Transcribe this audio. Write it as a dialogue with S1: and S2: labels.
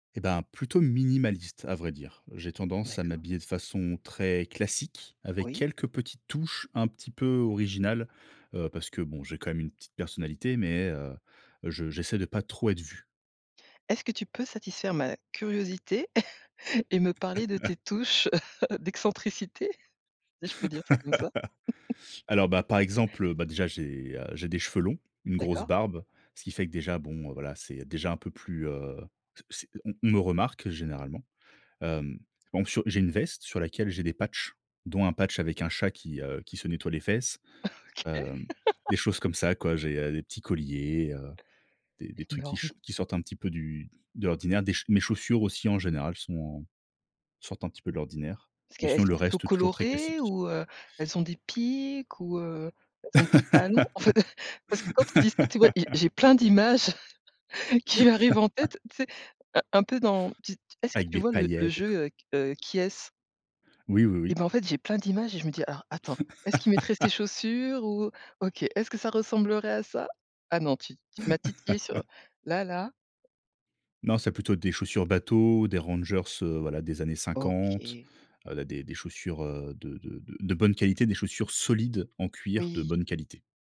S1: Et ben, plutôt minimaliste à vrai dire. J'ai tendance à
S2: D'accord.
S1: m'habiller de façon très classique avec
S2: Oui.
S1: quelques petites touches un petit peu originales, heu, parce que bon, j'ai quand même une petite personnalité, mais, heu, je j'essaie de pas trop être vu.
S2: Est-ce que tu peux satisfaire ma curiosité et me parler de tes touches d'excentricité? Si je peux dire ça comme ça?
S1: Alors bah, par exemple, bah déjà, j'ai, heu, j'ai des cheveux longs, une grosse
S2: D'accord.
S1: barbe, ce qui fait que déjà, bon, heu, voilà, c'est déjà un peu plus, heu, c c'est on on me remarque généralement. Hem, par exemple sur j'ai une veste sur laquelle j'ai des patchs dont un patch avec un chat qui, heu, qui se nettoie les fesses,
S2: OK.
S1: hem, des choses comme ça quoi. J'ai, heu, des petits colliers, heu, des des trucs qui
S2: Énorme.
S1: ch qui sortent un petit peu du de l'ordinaire. Des chau mes chaussures aussi en général sont en sortent un petit peu de l'ordinaire.
S2: cqu
S1: Mais
S2: elles
S1: sinon le
S2: sont plutôt
S1: reste toujours très
S2: colorées
S1: classique.
S2: ou? Heu, elles ont des pics? Ou heu, elles ont des talons? Parce que quand tu dis ça, tu vois, j'ai j'ai plein d'images qui arrivent en tête, tu sais? Un un peu dans tu est-ce que
S1: Avec
S2: tu
S1: des
S2: vois? Le le
S1: paillettes et tout.
S2: jeu heu, q heu, Qui est-ce?
S1: Oui, oui,
S2: Et
S1: oui.
S2: bah, en fait j'ai plein d'images et je me dis: «Alors attends, est-ce qu'il mettrait ces chaussures? Ou OK, est-ce que ça ressemblerait à ça?». Ah non, tu tu m'as titillé sur, là là.
S1: Non, c'est plutôt des chaussures bateau, des rangers, heu, voilà des années 50,
S2: OK.
S1: heu, là des des chaussures, heu, de de de de bonne qualité, des chaussures solides en cuir de
S2: Oui.
S1: bonne qualité.